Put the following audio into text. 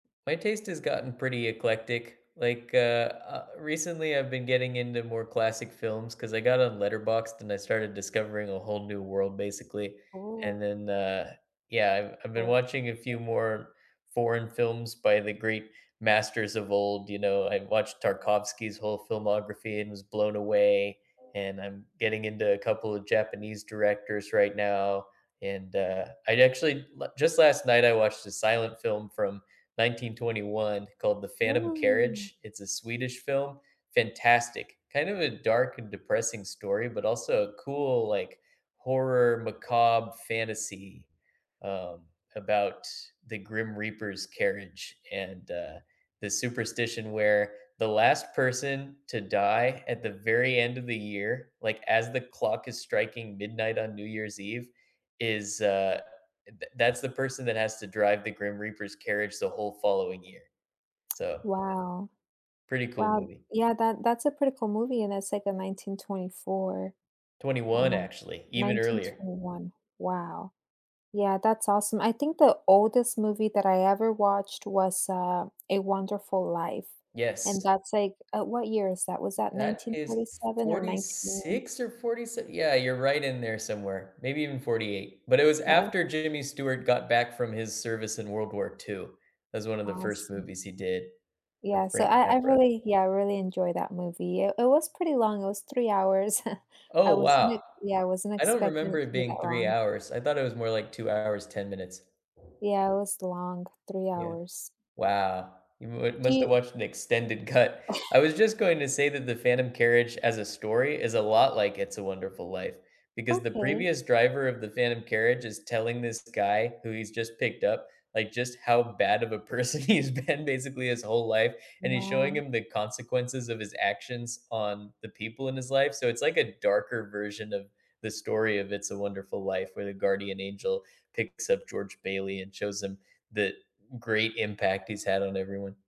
My taste has gotten pretty eclectic. Like, uh uh, recently I've been getting into more classic films, 'cause I got on Letterboxd and I started discovering a whole new world, basically. And Oh. then, uh yeah, I've I've been Oh. watching a few more foreign films by the great masters of old, you know, I watched Tarkovsky's whole filmography and was blown away, and I'm getting into a couple of Japanese directors right now, and, uh, I actually la just last night, I watched a silent film from 1921 called The Phantom Woah. Carriage, it's a Swedish film. Fantastic. Kind of a dark and depressing story, but also a cool, like, horror, macabre fantasy, um, about the Grim Reaper's carriage, and, uh, this superstition where the last person to die at the very end of the year, like, as the clock is striking midnight on New Year's Eve, is, uh th that's the person that has to drive the Grim Reaper's carriage the whole following year, so Wow. pretty cool Wow, movie. th yeah, that that's a pretty cool movie, and it's, like, in 1924, 21 um actually, even nineteen earlier. twenty one. Wow. Yeah, that's awesome. I think the oldest movie that I ever watched was, uh, A Wonderful Life, and Yes. that's, like uh, what year is that? Was that That nineteen is forty f seven or forty 19 six or forty se yeah, you're right in there somewhere, maybe even '48. But it was Yeah. after Jimmy Stewart got back from his service in World War II. It was one of the first Awesome. movies he did with Yeah, so Frank I I Capra. really yeah, I really enjoy that movie. It it was pretty long, it was 3 hours. I Oh, wasn't wow. e yeah, I wasn't I don't expecting remember it it to be that being 3 long. hours. I thought it was more like 2 hours, 10 minutes. Yeah, it was long. 3 Yeah. hours Wow. You mu Do must have you watched an extended cut. I was just going to say that The Phantom Carriage, as a story, is a lot like It's a Wonderful Life, because the Okay. previous driver of the phantom carriage is telling this guy who he's just picked up, like, just how bad of a person he's been, basically his whole life, and he's showing Wow. him the consequences of his actions on the people in his life, so it's like a darker version of the story of It's a Wonderful Life, where the guardian angel picks up George Bailey and shows him the great impact he's had on everyone.